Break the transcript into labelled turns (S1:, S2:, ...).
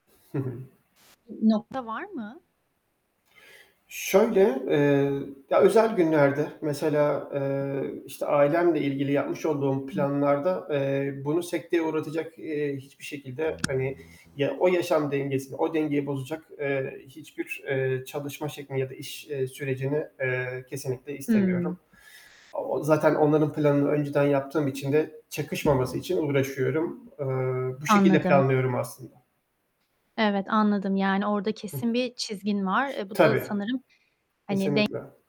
S1: Hı hı.
S2: Bir nokta var mı?
S1: Şöyle, eee ya, özel günlerde, mesela, eee, işte, ailemle ilgili yapmış olduğum
S2: Evet.
S1: planlarda, eee, bunu sekteye uğratacak, eee, hiçbir şekilde, hani, ya o yaşam dengesini, o dengeyi bozacak, eee, hiçbir, eee, çalışma şeklini ya da iş, eee, sürecini, eee, kesinlikle istemiyorum.
S2: Hıı.
S1: O zaten onların planını önceden yaptığım için de, çakışmaması için uğraşıyorum. Eee, bu şekilde
S2: Anladım.
S1: planlıyorum aslında.
S2: Evet, anladım. Yani, orada
S1: Hıh.
S2: kesin bir çizgin var. E, bu da
S1: Tabii.
S2: sanırım, hani, denk
S1: Kesinlikle.